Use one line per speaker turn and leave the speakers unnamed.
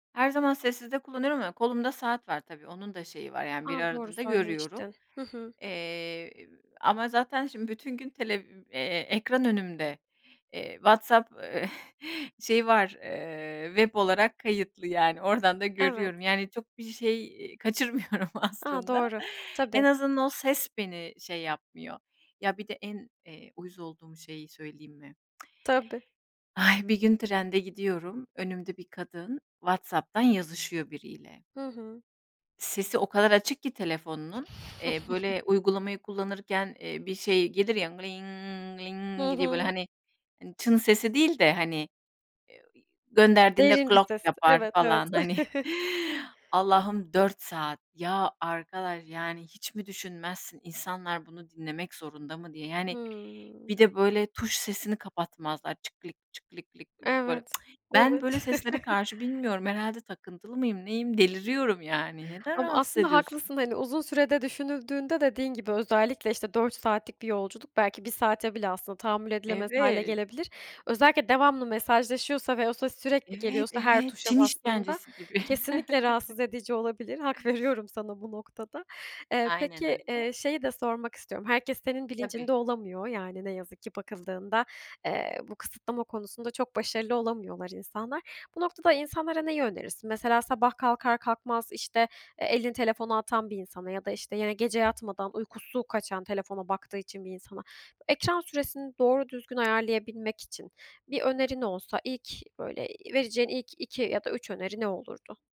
Her zaman sessizde kullanıyorum. Ama kolumda saat var, tabii onun da şeyi var. Yani bir
A, doğru
aradığında görüyorum.
söylemiştin. Hı hı.
Eee, ama zaten şimdi bütün televi eee, gün ekran önümde, eee, WhatsApp şeyi var, eee, web olarak kayıtlı. Yani, oradan da
Evet.
görüyorum. Yani, çok bir şey, iii, kaçırmıyorum
A,
aslında.
doğru.
En
Tabii.
azından ses beni şey yapmıyor. Ya, bir de en, eee, uyuz olduğum şeyi söyleyeyim mi?
Tabii.
Ay, bir gün trende gidiyorum, önümde bir kadın WhatsApp'tan yazışıyor biriyle.
Hı hı.
Sesi o kadar açık ki telefonunun, eee, böyle, uygulamayı kullanırken, eee, bir şey gelir ya,
Hı
diye.
hı.
Hani, "çın" sesi değil de, hani, eee, gönderdiğinde
Derin bir
"glok"
ses.
yapar
Evet, evet.
falan hani. Allah'ım 4 saat. Ya, arkadaş! Yani hiç mi düşünmezsin, "İnsanlar bunu dinlemek zorunda mı?" diye. Yani,
Hıı.
bir de böyle tuş sesini kapatmazlar "çık klik çık klik lik lik" [unintelligible] böyle.
Evet.
Ben
Evet.
böyle seslere karşı bilmiyorum, herhâlde takıntılı mıyım, neyim? Deliriyorum, yani, neden
Ama
rahatsız
aslında
ediyorsun?
haklısın da hani uzun sürede düşünüldüğünde dediğin gibi özellikle işte 4 saatlik bir yolculuk belki 1 saate bile aslında tahammül edilemez hâle
Evet.
gelebilir. Özellikle devamlı mesajlaşıyorsa ve o ses sürekli
Evet,
geliyorsa her
evet.
tuşa
Çin
bastığında
işkencesi gibi.
kesinlikle rahatsız edici olabilir. Hak veriyorum sana bu noktada. Eee,
Aynen
peki,
öyle.
eee, şeyi de sormak herkes senin bilincinde
Tabii.
olamıyor yani ne yazık ki bakıldığında, eee, bu kısıtlama konusunda çok başarılı olamıyorlar insanlar. Bu noktada insanlara neyi önerirsin? Mesela sabah kalkar kalkmaz işte, eee, elini telefonu atan bir insana ya da işte yine gece yatmadan uykusu kaçan telefona baktığı için bir insana ekran süresini doğru düzgün ayarlayabilmek için bir önerin olsa ilk böyle, iii, vereceğin ilk 2 ya da 3 öneri ne olurdu?